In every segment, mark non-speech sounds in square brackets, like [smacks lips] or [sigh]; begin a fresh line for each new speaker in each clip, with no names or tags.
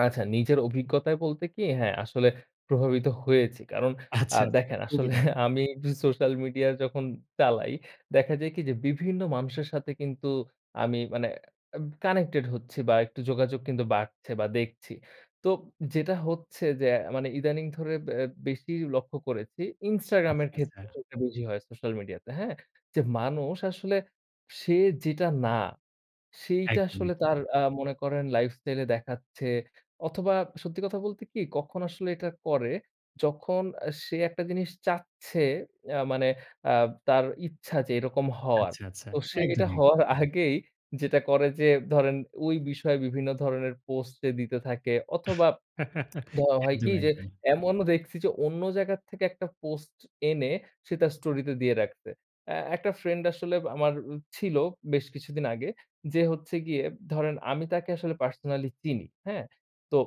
আচ্ছা। নিজের অভিজ্ঞতায় বলতে কি? হ্যাঁ, আসলে প্রভাবিত হয়েছি। কারণ আ
আচ্ছা, আচ্ছা।
দেখেন
খুবই
আসলে
দারুণ।
[chuckles] আমি একটু সোশ্যাল মিডিয়া যখন চালাই, দেখা যায় কি? যে বিভিন্ন মানুষের সাথে কিন্তু আমি মানে এব কানেক্টেড হচ্ছি বা, একটু যোগাযোগ কিন্তু বাড়ছে বা, দেখছি। তোব যেটা হচ্ছে যে মানে ইদানিং ধরে অ্যা ব্যা বেশি লক্ষ্য করেছি Instagram
আচ্ছা,
এর
আচ্ছা।
ক্ষেত্রে সেটা বেশি হয় সোশ্যাল মিডিয়াতে। হ্যাঁ? যে মানুষ আসলে সে যেটা না, সেইটা
একদম,
আসলে
একদম।
তার আ মনে করেন লাইফস্টাইলে দেখাচ্ছে। অথবা সত্যি কথা বলতে কি? কখন আসলে এটা করে? যখন আ সে একটা জিনিস চাচ্ছে অ্যা মানে অ্যা তার ইচ্ছা যে এরকম হওয়ার।
আচ্ছা, আচ্ছা।
তো সে এটা
একদমই।
হওয়ার আগেই যেটা করে যে, ধরেন ওই বিষয়ে বিভিন্ন ধরনের পোস্টে দিতে থাকে অথবা,
[laughs]
[smacks lips] ধ হয় কি?
একদম,
যে
একদমই।
এমনও দেখছি যে অন্য জায়গা থেকে একটা পোস্ট এনে সে তার স্টোরিতে দিয়ে রাখছে। এ একটা ফ্রেন্ড আসলে আমার আ ছিল বেশ কিছুদিন আগে। যে হচ্ছে গিয়ে ধরেন আমি তাকে আসলে পার্সোনালি চিনি। হ্যাঁ? তো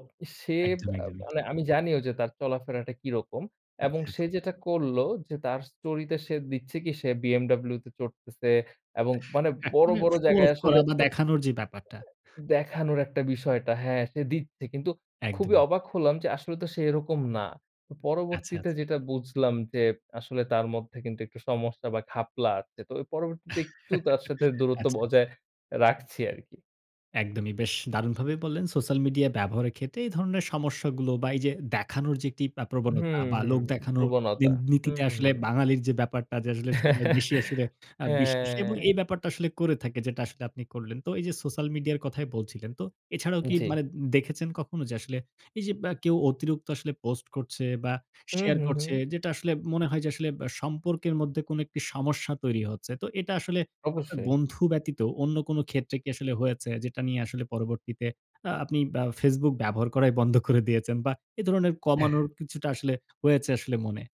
সে
একদম,
বা
একদমই।
মানে আমি জানিও যে তার চলাফেরাটা কিরকম এবং
আচ্ছা।
সে যেটা করলো যে তার স্টোরিতে সে দিচ্ছে কি সে বিএমডব্লিউতে চড়তেছে এবং মানে বড়,
একদমই আ
বড়
শো
জায়গায়
অফ
আসলে
করা
হ
বা,
[unintelligible]
দেখানোর যে ব্যাপারটা।
দেখানোর একটা বিষয়টা হ্যাঁ, সে দিচ্ছে। কিন্তু খুবই
একদমই।
অবাক হলাম যে আসলে তো সে এরকম না। ও
আচ্ছা,
পরবর্তীতে
আচ্ছা।
যেটা বুঝলাম যে আসলে তার মধ্যে কিন্তু একটু সমস্যা বা, ঘাপলা আছে। তো অব পরবর্তীতে একটু তার
[chuckles]
সাথে দূরত্ব
আচ্ছা, আচ্ছা।
বজায় রাখছি আরকি।
একদমই, বেশ দারুণভাবে বললেন, সোশ্যাল মিডিয়া ব্যবহারের ক্ষেত্রে এই ধরনের সমস্যাগুলো বা, এইযে দেখানোর যে একটি আ প্রবণতা
হুম,
বা,
হুম,
লোক দেখানোর এ
প্রবণতা।
নীতিতে
হুম,
আসলে
হুম।
বাঙালির যে ব্যাপারটা যে আসলে সবাই বেশি আসলে
[laughs]
আ বিশ্বাসী এবং
হ্যাঁ।
এই ব্যাপারটা আসলে করে থাকে যেটা আসলে আপনি করলেন। তো এইযে সোশ্যাল মিডিয়া কথাই বলছিলেন। তো এছাড়াও কি
জ্বী।
মানে দে-দেখেছেন কখনো যে আসলে এইযে বা কেউ অতিরিক্ত আসলে পোস্ট করছে বা,
হুম,
শেয়ার
হুম,
করছে
হুম।
যেটা আসলে মনে হয় যে আসলে বা সম্পর্কের মধ্যে কোন একটি সমস্যা তৈরি হচ্ছে। তো এটা আসলে আপনার
অবশ্যই।
বন্ধু ব্যতীত অন্য কোন ক্ষেত্রে কি আসলে হয়েছে? যেটা নিয়ে আসলে পরবর্তীতে আ আপনি বা facebook ব্যবহার করাই বন্ধ করে দিয়েছেন? বা এ ধরনের কমানোর
[sneezes]
কিছুটা আসলে হয়েছে আসলে মনে?